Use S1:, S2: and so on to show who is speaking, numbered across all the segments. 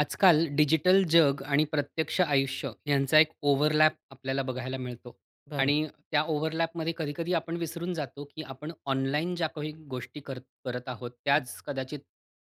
S1: आजकाल डिजिटल जग आणि प्रत्यक्ष आयुष्य ह्यांचा एक ओव्हरलॅप आपल्याला बघायला मिळतो.
S2: बरोबर.
S1: आणि त्या ओव्हरलॅपमध्ये कधी-कधी आपण विसरून जातो, की आपण ऑनलाईन ज्या काही गोष्टी करत करत आहोत.
S2: हं.
S1: त्याच कदाचित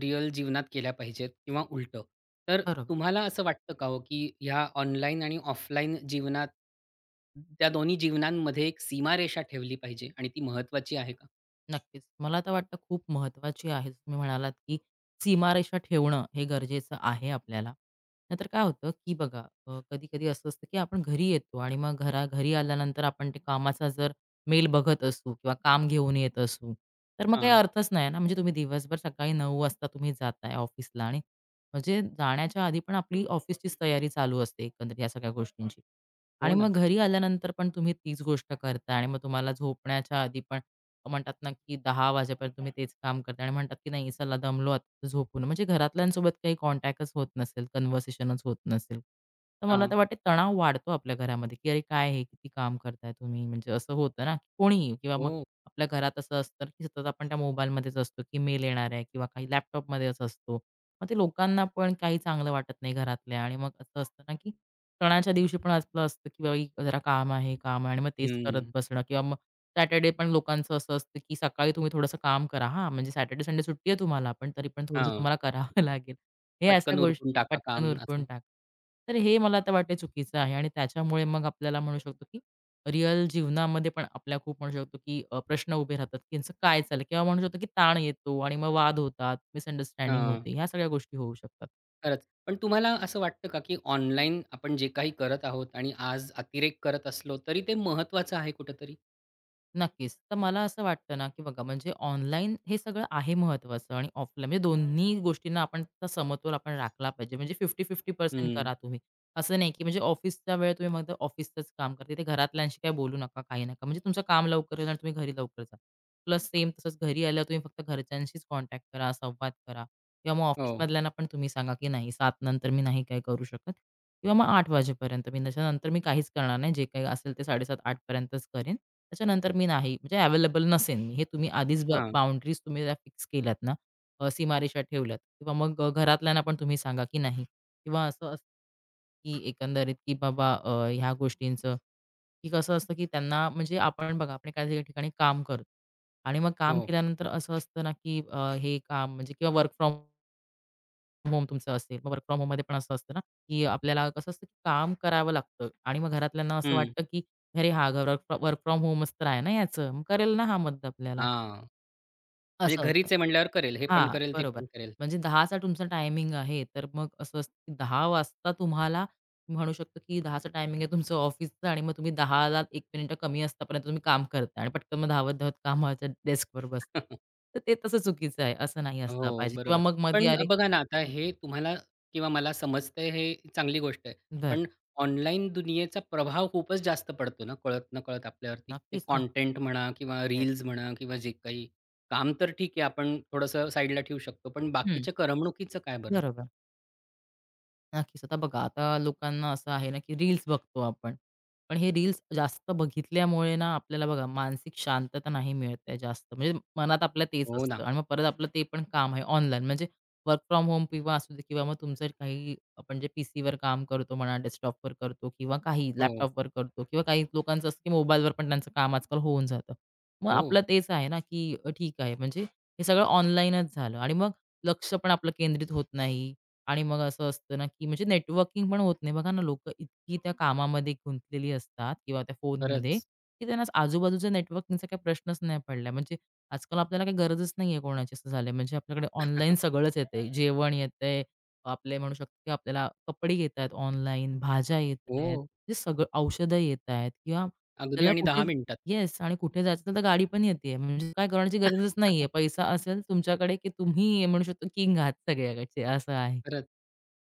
S1: रिअल जीवनात केल्या पाहिजेत किंवा उलटं. तर
S2: बरोबर.
S1: तुम्हाला असं वाटतं का ओ, की ह्या ऑनलाईन आणि ऑफलाईन जीवनात, त्या दोन्ही जीवनांमध्ये एक सीमारेषा ठेवली पाहिजे आणि ती महत्वाची आहे का?
S2: नक्कीच. मला तर वाटतं, खूप महत्त्वाची आहे. जसं तुम्ही म्हणालात, की सीमारेषा ठेवणं हे गरजेचं आहे आपल्याला. नाहीतर काय होतं की, बघा, अ, कधी-कधी असं असतं, की आपण घरी येतो आणि मग घरा घरी आल्यानंतर आपण ते कामाचा जर मेल बघत असू किंवा काम घेऊन येत असू, तर मग काही
S1: हां.
S2: अर्थच नाही ना. म्हणजे तुम्ही दिवसभर सकाळी 9 वाजता जाताय ऑफिसला आणि म्हणजे जाण्याच्या आधी पण आपली ऑफिसचीच तयारी चालू असते, एकंदरीत या सगळ्या गोष्टींची.
S1: हो
S2: आणि मग
S1: ना.
S2: घरी आल्यानंतर पण तुम्ही तीच गोष्ट करताय. आणि मग तुम्हाला झोपण्याच्या आधी पण, म्हणतात ना, की 10 वाजेपर्यंत तुम्ही तेच काम करताय. आणि म्हणतात की, नाही चला दमलो आता झोपू. म्हणजे घरातल्यांसोबत काही कॉन्टॅक्टच होत नसेल, कन्व्हर्सेशनच होत नसेल. तर मला
S1: हां.
S2: तर वाटतं, तणाव वाढतो आपल्या घरामध्ये. की, अरे, काय हे? किती काम करताय तुम्ही म्हणजे असं होतं ना, की कोणीही किंवा मग
S1: हो.
S2: आपल्या घरात असं असतं, की सतत आपण त्या मोबाईलमध्येच असतो, की मेल येणार आहे किंवा काही लॅपटॉपमध्येच असतो. मग ते लोकांना पण काही चांगलं वाटत नाही. घरातल्यां आणि मग असं असतं ना, की सणाच्या दिवशी पण असंच असतं, की जरा काम आहे, काम आहे, आणि मग तेच करत
S1: हं.
S2: बसणं. किंवा मग सॅटर्डे पण लोकांचं असं असतं, की सकाळी तुम्ही थोडंसं काम करा. हां, म्हणजे सॅटर्डे-संडे म्हणजे सुट्टी आहे तुम्हाला, पण तरी पण थोडंसं
S1: हां.
S2: तुम्हाला कराव लागेल. हे असं
S1: पटकन
S2: गोष्टी
S1: उरकून टाका
S2: पटकन
S1: काम
S2: उरकून
S1: असं.
S2: टाका. तर हे मला तर वाटतं, चुकीचं आहे. आणि त्याच्यामुळे मग आपल्याला म्हणू शकतो की, रिअल जीवनामध्ये पण आपल्या खूप म्हणू शकतो, की अ, प्रश्न उभे राहतात. त्यांचं काय चाललंय. किंवा म्हणू शकतो, की ताण येतो आणि मग वाद होतात, मिसअंडरस्टँडिंग
S1: हां.
S2: होते. ह्या सगळ्या गोष्टी होऊ शकतात.
S1: खरंच. पण तुम्हाला असं वाटतं का, की ऑनलाईन आपण जे काही करत आहोत आणि आज अतिरेक करत असलो, तरी ते महत्वाचं आहे कुठेतरी?
S2: नक्कीच. तर मला असं वाटतं ना, की बघा, म्हणजे ऑनलाईन हे सगळं आहे महत्वाचं आणि ऑफलाईन, म्हणजे, दोन्ही गोष्टींना आपण समतोल आपण राखला पाहिजे. म्हणजे, 50-50% पर्सेंट
S1: हं.
S2: करा तुम्ही. असं नाही, की म्हणजे ऑफिसचा वेळ तुम्ही, मग ऑफिसचच काम करता, तिथे घरातल्यांशी काही बोलू नका, काही नका. म्हणजे, तुमचं काम लवकर येणार आणि तुम्ही घरी लवकर जा. प्लस, सेम तसंच, घरी आल्यावर तुम्ही फक्त घरच्यांशीच कॉन्टॅक्ट करा. संवाद करा. किंवा मग ऑफिस
S1: हो.
S2: मधल्यांना पण तुम्ही सांगा, की नाही 7:00 नंतर मी नाही काही करू शकत. किंवा मग 8:00 वाजेपर्यंत मी, त्याच्यानंतर मी काहीच करणार नाही. जे काही असेल, ते 7:30-8:00 पर्यंतच करीन. त्याच्यानंतर मी नाही, म्हणजे अवेलेबल नसेल. हे तुम्ही आधीच ब
S1: हां.
S2: बाउंडरीज, तुम्ही फिक्स केल्या ना? अ, सीमारेषा ठेवल्यात. किंवा मग अ, घरातल्यांना पण तुम्ही सांगा, की नाही किंवा असं असतं, की एकंदरीत, की बाबा अ, ह्या गोष्टींचं, की कसं असतं, की त्यांना म्हणजे आपण बघा, आपण काही ठिकाणी काम करतो आणि मग काम
S1: हो.
S2: केल्यानंतर असं असतं ना, की अ, हे काम, म्हणजे, किंवा वर्क फ्रॉम होम तुमचं असेल. मग, वर्क फ्रॉम होममध्ये पण असं असतं ना, की आपल्याला कसं असतं, की काम करावं लागतं आणि मग घरातल्यांना असं
S1: हं.
S2: वाटतं, की अरे! हा घर वर्क फ्रॉम होमचं तर आहे ना याचं. मग करेल ना हा मदत आपल्याला.
S1: हां, म्हणजे,
S2: असं असतं,
S1: घरीच आहे म्हणल्यावर, करेल हे पण
S2: हां,
S1: करेल, ते
S2: बरोबर.
S1: पण करेल.
S2: म्हणजे, 10:00 तुमचा टायमिंग आहे तर मग असं असतं, की 10:00 वाजता तुम्हाला म्हणू शकतो, की 10:00 टायमिंग आहे तुमचं ऑफिसचा आणि मग तुम्ही दहाला एक मिनिटं कमी असतापर्यंत तुम्ही काम करताय आणि पटकन धावत-धावत कामाच्या, डेस्कवर बसता. तर ते तसं चुकीचं आहे असं नाही असला
S1: हो,
S2: पाहिजे. किंवा
S1: बरोबर.
S2: मग
S1: पण
S2: मधी अरे!
S1: बघा ना, आता
S2: हं.
S1: हे तुम्हाला किंवा मला समजतंय, हे चांगली गोष्ट आहे.
S2: बरं.
S1: पण ऑनलाईन दुनियेचा प्रभाव खूपच जास्त पडतो ना, कळत नकळत आपल्यावरती. ते
S2: नक्कीच ना.
S1: कंटेंट म्हणा, किंवा
S2: येस.
S1: रील्स म्हणा, किंवा जे काही काम तर ठीक आहे, आपण थोडंसं साइडला ठेऊ शकतो. पण
S2: हं.
S1: बाकीच्या करमणुकीचं काय बरं?
S2: बरोबर. नक्कीच. आता बघा आता लोकांना असं आहे ना, की रील्स बघतो आपण. पण हे रील्स जास्त बघितल्यामुळे ना, आपल्याला बघा मानसिक शांतता नाही मिळत ते जास्त, म्हणजे मनात आपलं तेच
S1: हो
S2: असतं
S1: ना.
S2: आणि मग परत आपलं ते पण काम आहे ऑनलाईन म्हणजे वर्क फ्रॉम होम किंवा असू दे किंवा मग तुमचं काही आपण जे पीसीवर काम करतो म्हणा डेस्कटॉपवर करतो किंवा काही
S1: हो.
S2: लॅपटॉपवर करतो किंवा काही, लोकांचं असतं, की मोबाईलवर पण त्यांचं काम आजकाल होऊन जातं. मग आपलं
S1: हो.
S2: तेच आहे ना, की ठीक आहे. म्हणजे हे सगळं ऑनलाईनच झालं आणि मग लक्ष पण आपलं केंद्रित होत नाही आणि मग असं असतं ना, की म्हणजे नेटवर्किंग पण होत नाही बघा ना लोक इतकी त्या कामामध्ये गुंतलेली असतात किंवा त्या फोनमध्ये,
S1: खरंच.
S2: की त्यांना आजूबाजूचे नेटवर्किंगचा काही प्रश्नच नाही पडलाय, म्हणजे आजकाल आपल्याला काही गरजच नाहीये कोणाची अस झालंय, म्हणजे आपल्याकडे ऑनलाईन सगळंच येतंय. जेवण येतंय, आपले म्हणू शकतो आपल्याला कपडे येत आहेत, ऑनलाईन, भाज्या येत आहेत,
S1: हो.
S2: ते सगळं औषधं येतायत किंवा
S1: अगदी
S2: आपल्याला
S1: आणि
S2: कुठे
S1: 10 मिनिटात.
S2: येस. आणि कुठे जायचं तर गाडी पण येतेय म्हणजे काय करण्याची गरजच नाहीये पैसा असेल तुमच्याकडे, की तुम्ही म्हणू शकता किंग आत सगळ्याकडचे असं आहे.
S1: खरंच.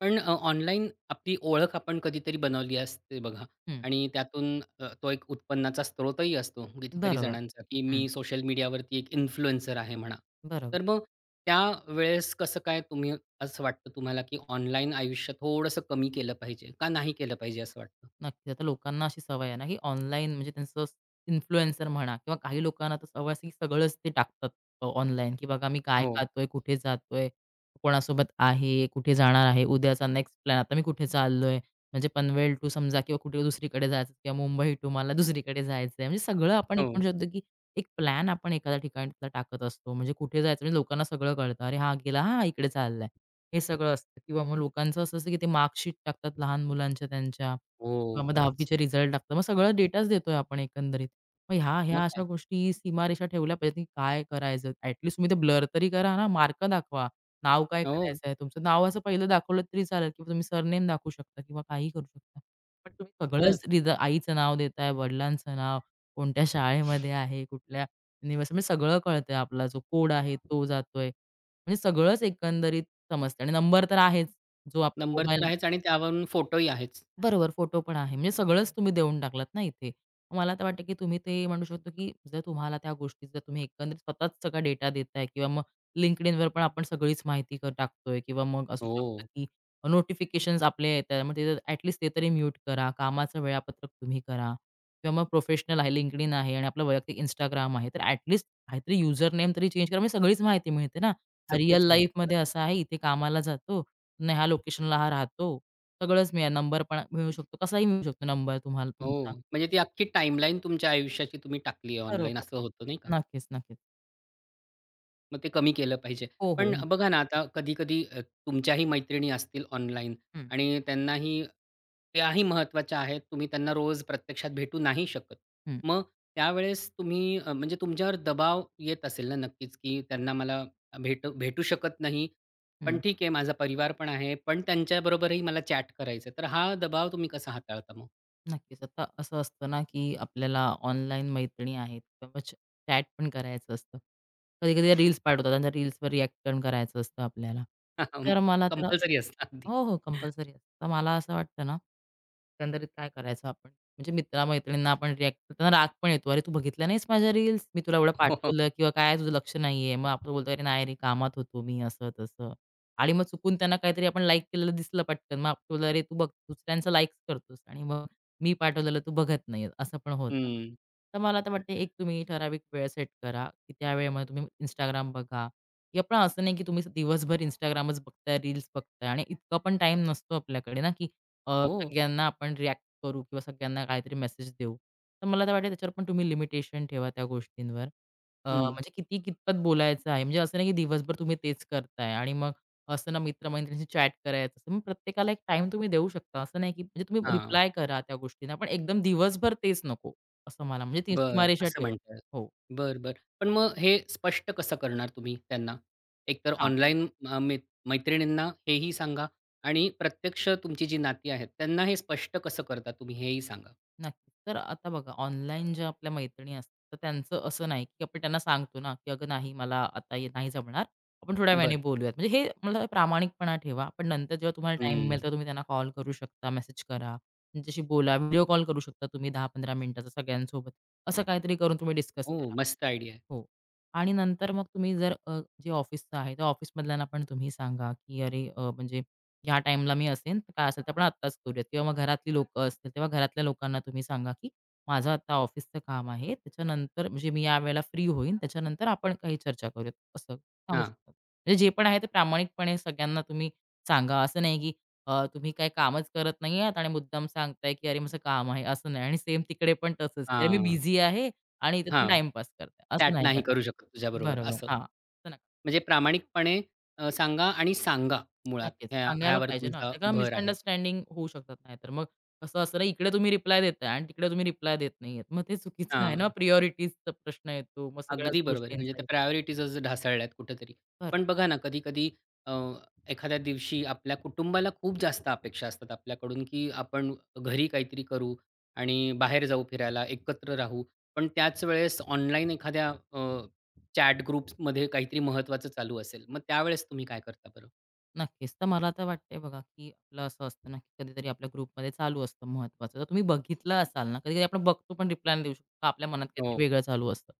S1: पण अ, ऑनलाईन आपली ओळख आपण कधीतरी बनवली असते बघा.
S2: हं.
S1: आणि त्यातून अ, तो एक उत्पन्नाचा स्त्रोतही असतो, कितीतरी
S2: बरोबर.
S1: जणांचा, की
S2: हं.
S1: मी सोशल मीडियावरती एक इन्फ्लुएन्सर आहे म्हणा.
S2: बरोबर.
S1: तर मग त्यावेळेस कसं काय तुम्ही असं वाटतं तुम्हाला, की ऑनलाईन आयुष्य थोडंसं कमी केलं पाहिजे? का नाही केलं पाहिजे असं वाटतं?
S2: नक्कीच. आता लोकांना अशी सवय आहे ना की ऑनलाईन म्हणजे त्यांचं असं इन्फ्लुएन्सर म्हणा किंवा काही लोकांना तर सवय असेल की सगळंच ते टाकतात अ, ऑनलाईन की "बघा मी काय
S1: हो.
S2: खातोय, कुठे जातोय, कोणासोबत आहे, कुठे जाणार आहे. उद्याचा नेक्स्ट प्लॅन आता मी कुठे चाललोय," म्हणजे पनवेल टू समजा किंवा कुठे दुसरीकडे जायचं किंवा मुंबई टू मला दुसरीकडे जायचंय. म्हणजे सगळं आपण एक
S1: हो.
S2: म्हणू शकतो, की एक प्लॅन आपण एखाद्या ठिकाणीतला टाकत असतो. म्हणजे कुठे जायचं म्हणजे लोकांना सगळं कळतं. अरे हा गेला हां इकडे चाललाय. हे सगळं असतं किंवा मग लोकांचं असं असतं, की ते मार्कशीट टाकतात लहान मुलांच्या त्यांच्या.
S1: हो.
S2: मग
S1: खरंच.
S2: दहावीचे रिझल्ट टाकतात. मग सगळा डेटाच देतोय आपण एकंदरीत. मग ह्या
S1: मग
S2: ह्या अशा
S1: काय!
S2: गोष्टी सीमारेषा ठेवल्या पाहिजेत ना की काय करायचं ॲट लिस्ट तुम्ही ते ब्लर तरी करा ना मार्क दाखवा. नाव काय
S1: हो.
S2: करायचंय! तुमचं नाव असं पहिलं दाखवलं तरी चालेल, की तुम्ही सरनेम दाखवू शकता किंवा काहीही करू शकता. पण तुम्ही सगळंच
S1: खरंच.
S2: देता आईचं नाव देताय, वडिलांचं नाव, कोणत्या शाळेमध्ये आहे कुठल्या निवस म्हणजे सगळं कळतंय आपला जो कोड आहे तो जातोय. म्हणजे सगळंच एकंदरीत समजतंय आणि नंबर तर आहेच, जो आपला
S1: नंबर तर
S2: मोबाइल.
S1: आहेच आणि त्यावरून फोटोही आहेच.
S2: बरोबर फोटो पण आहे. म्हणजे सगळंच तुम्ही देऊन टाकलात ना इथे. मग मला तर वाटतं की तुम्ही ते म्हणू शकतो, की जर तुम्हाला त्या गोष्टी जर तुम्ही एकंदरीत स्वतःच सगळा डेटा देताय किंवा मग LinkedInवर पण आपण सगळीच माहिती क टाकतोय किंवा मग असू शकतं,
S1: हो.
S2: की नोटिफिकेशन्स आपले येतात मग ते तर ॲट लिस्ट ते तरी म्यूट करा. कामाचं वेळापत्रक तुम्ही करा. किंवा मग प्रोफेशनल आहे LinkedIn आहे आणि आपलं वैयक्तिक Instagram आहे तर ॲट लिस्ट काहीतरी युजर नेम तरी चेंज करा म्हणजे सगळीच माहिती मिळते ना. हा रिअल
S1: सगळीच माहिती.
S2: लाईफमध्ये
S1: खरंच.
S2: असं आहे, इथे कामाला जातो, अन् ह्या लोकेशनला हा राहतो. सगळंच मिळेल नंबर पण अ मिळू शकतो. कसाही मिळू शकतो नंबर तुम्हाला तुमचा.
S1: हो. म्हणजे ती अख्खी टाईमलाईन तुमच्या आयुष्याची तुम्ही टाकली आहे ऑनलाईन
S2: बरोबर.
S1: असं होतं, नाही का?
S2: नक्कीच, नक्कीच.
S1: मग ते कमी केलं पाहिजे.
S2: हो, हो,
S1: पण
S2: नक्की.
S1: बघा ना, आता कधी-कधी तुमच्याही मैत्रिणी असतील ऑनलाईन
S2: हं.
S1: आणि त्यांनाही त्याही महत्त्वाच्या आहेत. तुम्ही त्यांना रोज प्रत्यक्षात भेटू नाही शकत.
S2: हं.
S1: मग त्यावेळेस तुम्ही अ, म्हणजे तुमच्यावर दबाव येत असेल ना, नक्कीच, की त्यांना मला भेटू भेटू शकत नाही. पण
S2: हं.
S1: ठीक आहे माझा परिवार पण आहे. पण त्यांच्याबरोबरही मला चॅट करायचंय. तर हा दबाव तुम्ही कसा हाताळता मग?
S2: नक्कीच. आता असं असतं ना, की आपल्याला ऑनलाईन मैत्रिणी आहेत, किंवा चॅट पण करायचं असतं. कधी-कधी रील्स पाठवतात आणि रील्सवर रिएक्ट पण करायचं असतं आपल्याला. तर मला त्याला
S1: कंपल्सरी असतात अगदी.
S2: हो, हो, कंपल्सरी असतं. तर मला असं वाटतंना, एकंदरीत काय करायचं आपण? म्हणजे मित्रा मैत्रिणींना आपण रिएक्ट करताना राग पण येतो, "अरे तू बघितला नाहीस माझ्या रील्स मी तुला एवढं
S1: हो.
S2: पाठवलं किंवा काय तुझं लक्ष नाहीये". मग आपण बोलतो "अरे नाही रे, कामात होतो मी," असं तसं आणि मग चुकून त्यांना काहीतरी आपण लाईक केलेलं दिसलं पटकन. मग आपलं "अ, रे तू बघ दुसऱ्यांचं लाईक करतोस आणि मग मी पाठवलेलं तू बघत नाही," असं पण होतं.
S1: हं.
S2: तर मला आता वाटतंय, एक तुम्ही ठराविक वेळ सेट करा. त्या वेळेमध्ये तुम्ही Instagram बघा. [unintelligible] पण असं नाही की तुम्ही दिवसभर Instagramच बघताय, रील्स बघताय आणि इतका पण टाईम नसतो आपल्याकडे ना, की अ,
S1: हो.
S2: सगळ्यांना आपण रिएक्ट करू किंवा सगळ्यांना काहीतरी मेसेज देऊ. तर मला तर वाटेल त्याच्यावर पण तुम्ही लिमिटेशन ठेवा. त्या गोष्टींवर. अ,
S1: हं.
S2: म्हणजे किती, कितपत बोलायचं आहे. म्हणजे असं नाही, की दिवसभर तुम्ही तेच करताय आणि मग असंना मित्रमैत्रिणींशी चॅट करायचं. मग प्रत्येकाला एक टाईम तुम्ही देऊ शकता असं नाही, की म्हणजे तुम्ही
S1: हां.
S2: रिप्लाय करा त्या गोष्टींना, पण एकदम दिवसभर तेच नको असं मला म्हणजे ती
S1: बरं,
S2: सीमारेषा
S1: असं
S2: ठेवा.
S1: म्हणताय.
S2: हो.
S1: बरं, बरं. पण मग हे स्पष्ट कसं करणार तुम्ही त्यांना? एक तर
S2: हां.
S1: ऑनलाईन, अ, म मैत्रिणींना हेही सांगा आणि प्रत्यक्ष तुमची जी नाती आहेत, त्यांना हे स्पष्ट कसं करता, तुम्ही हेही सांगा.
S2: नक्कीच. तर आता बघा, ऑनलाईन ज्या आपल्या मैत्रिणी असतात, तर त्यांचं असं नाही की आपण त्यांना सांगतोना, की "अगं नाही मला आता नाही जमणार आपण थोड्या वेळाने
S1: बरं.
S2: बोलूयात." म्हणजे हे मला प्रामाणिकपणा ठेवा. पण नंतर जेव्हा तुम्हाला टाईम मिळेल,
S1: हं.
S2: तेव्हा तुम्ही त्यांना कॉल करू शकता, मेसेज करा. त्यांच्याशी बोला व्हिडिओ कॉल करू शकता तुम्ही 10-15 मिनिटाचा सगळ्यांसोबत. असं काहीतरी करून तुम्ही डिस्कस
S1: हो,
S2: करा
S1: मस्त आयडिया आहे.
S2: हो आणि नंतर मग तुम्ही जर अ, जे ऑफिसच आहे त्या ऑफिसमधल्यांना पण तुम्ही सांगा, की "अरे अ, म्हणजे ह्या टाईमला मी असेन तर काय असेलतर आपण आत्ताच करूया" किंवा मग घरातली लोकं असतील, तेव्हा घरातल्या लोकांना तुम्ही सांगा, की माझं आता ऑफिसच काम आहे. त्याच्यानंतर म्हणजे मी यावेळेला फ्री होईन. त्याच्यानंतर आपण काही चर्चा करूयात असं सांगू
S1: हां.
S2: शकतो. म्हणजे जे पण आहे ते प्रामाणिकपणे सगळ्यांना तुम्ही सांगा. असं नाही, की अ, तुम्ही काही कामच करत नाही आहात आणि मुद्दाम सांगताय, की अरे माझं काम आहे असं नाही आणि सेम तिकडे पण तसंच, अ, मी
S1: हां,
S2: बिझी आहे आणि इथे तुम्ही
S1: हां.
S2: टाईमपास करताय, असं
S1: चॅट
S2: नाही का
S1: नाही करू शकत तुझ्याबरोबर
S2: बरोबर,
S1: असं.
S2: हां. असं नका
S1: म्हणजे प्रामाणिकपणे अ, सांगा आणि सांगा. मुळात
S2: नक्कीच,
S1: ह्या
S2: सांगायला
S1: ह्यावर
S2: पाहिजे ना.
S1: तुमचा
S2: नाही तर
S1: भर आहे.
S2: मिसअंडरस्टँडिंग होऊ शकतात नाहीतर. मग कसं असतं ना, इकडे तुम्ही रिप्लाय देताय आणि तिकडे तुम्ही रिप्लाय देत नाहीयेत. मग ते चुकीचं आहे ना.
S1: हां.
S2: प्रायोरिटीजचा प्रश्न येतो मग सगळ्याच
S1: अगदी बरोबर आहे. म्हणजे त्या
S2: गोष्टींचाही.
S1: प्रायोरिटीज ढासळल्यात कुठेतरी.
S2: बरं.
S1: पण बघाना कधी-कधी अ, एखाद्या दिवशी आपल्या कुटुंबाला खूप जास्त अपेक्षा असतात आपल्याकडून, की आपण घरी काहीतरी करू आणि बाहेर जाऊ फिरायला एकत्र राहू. पण त्याच वेळेस ऑनलाईन एखाद्या अ, चॅट ग्रुप्समध्ये काहीतरी ममहत्त्वाचं चालू असेल. मग त्यावेळेस तुम्ही काय करता बरं?
S2: नक्कीच. तर मला तर वाटतं आहे बघा, की आपलं असं असतं ना कधीतरी आपल्या ग्रुपमध्ये चालू असतं महत्त्वाचं. तर तुम्ही बघितलं असाल ना कधी-कधी आपण बघतो. पण रिप्लाय नाही देऊ शकतो. का आपल्या मनात
S1: हो.
S2: काहीतरी वेगळं चालू असतं.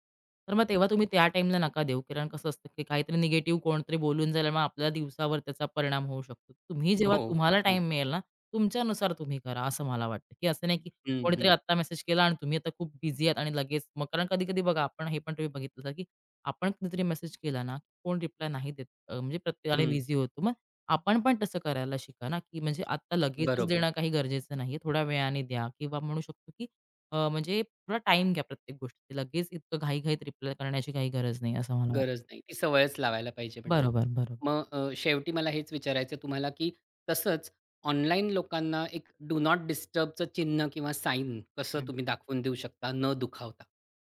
S2: तर मग तेव्हा तुम्ही त्या टाईमला नका देऊ, कारण कसं असतं, की काहीतरी निगेटिव्ह कोणतरी बोलून झाल्यामुळे आपल्याला दिवसावर त्याचा परिणाम होऊ शकतो. तुम्ही
S1: हो.
S2: जेव्हा तुम्हाला
S1: होतं ना.
S2: टाईम मिळेल ना तुमच्यानुसार, तुम्ही करा असं मला वाटतं. की असं नाही, की
S1: हं,
S2: कोणीतरी
S1: हं.
S2: आता मेसेज केला आणि तुम्ही आता खूप बिझी आहात. आणि लगेच मग कारण कधी-कधी बघा, आपण हे पण बघितलं होतं, की आपण कुठतरी मेसेज केला ना कोण रिप्लाय नाही देत, अ, म्हणजे प्रत्येकाने
S1: हं.
S2: बिझी होतो. मग आपण पण तसं करायला शिका ना, की म्हणजे आता लगेचच
S1: बरोबर.
S2: देणं काही गरजेचं नाही आहे. थोड्या वेळाने द्या. किंवा म्हणू शकतो, की अ, म्हणजे थोडा टाईम घ्या प्रत्येक गोष्टी लगेच इतकं घाई-घाईत रिप्लाय करण्याची काही गरज नाही. असं मला वाट
S1: गरज नाही. ती सवयच लावायला पाहिजे म्हणजे.
S2: बरोबर, बरोब
S1: मग अ, शेवटी मला हेच विचारायचं आहे तुम्हाला, की तसंच ऑनलाईन लोकांना एक डु नॉट डिस्टर्बच चिन्ह किंवा साइन कसं
S2: हं.
S1: तुम्ही दाखवून देऊ शकता न दुखावता.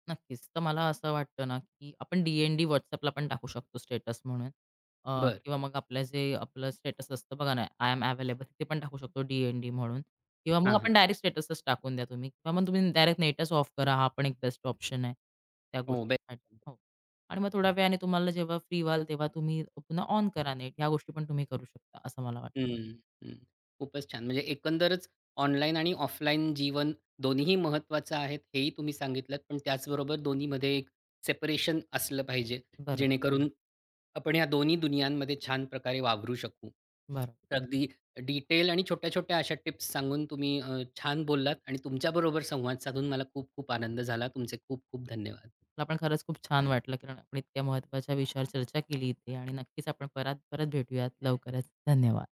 S2: नक्कीच. तर मला असं वाटतं ना, की आपण डी-एन-डी WhatsAppला पण टाकू शकतो, स्टेटस म्हणून. अ,
S1: बरं.
S2: किंवा मग आपलं, जे आपलं स्टेटस असतं, बघा ना. आय एम अवेलेबल ते पण टाकू शकतो. डी-एन-डी म्हणून किंवा मग
S1: हां, हां.
S2: आपण डायरेक्ट स्टेटसच टाकून द्या तुम्ही. किंवा मग तुम्ही डायरेक्ट नेटंच ऑफ करा. हा पण एक बेस्ट ऑप्शन आहे. त्या
S1: हो. बे
S2: गोष्टीसाठी.
S1: [unintelligible]
S2: हो. आणि मग थोड्या वेळाने तुम्हाला जेव्हा फ्री व्हाल, तेव्हा तुम्ही पुन्हा ऑन करा नेट. ह्या गोष्टी पण तुम्ही करू शकता. असं मला वाट
S1: हं, हं, हं, हं. खूपच छान. म्हणजे एकंदरच ऑनलाईन आणि ऑफलाईन जीवन दोन्हीही महत्त्वाचं आहेत हेही तुम्ही सांगितलत. पण त्याचबरोबर दोन्हीमध्ये एक सेपरेशन असलं पाहिजे.
S2: बरं.
S1: जेणेकरून आपण ह्या दोन्ही दुनियांमध्ये छान प्रकारे वावरू शकू.
S2: बरं.
S1: अगदी डिटेल आणि छोट्या-छोट्या अशा टिप्स सांगून तुम्ही अ, छान बोललात आणि तुमच्याबरोबर संवाद साधून मला खूप-खूप आनंद झाला. तुमचे खूप खूप धन्यवाद.
S2: मला पण खरंच खूप छान वाटलं. कारण इतक्या महत्वाच्या विषयावर चर्चा केली आणि नक्कीच आपण परात परत भेटूयात लवकरच. धन्यवाद.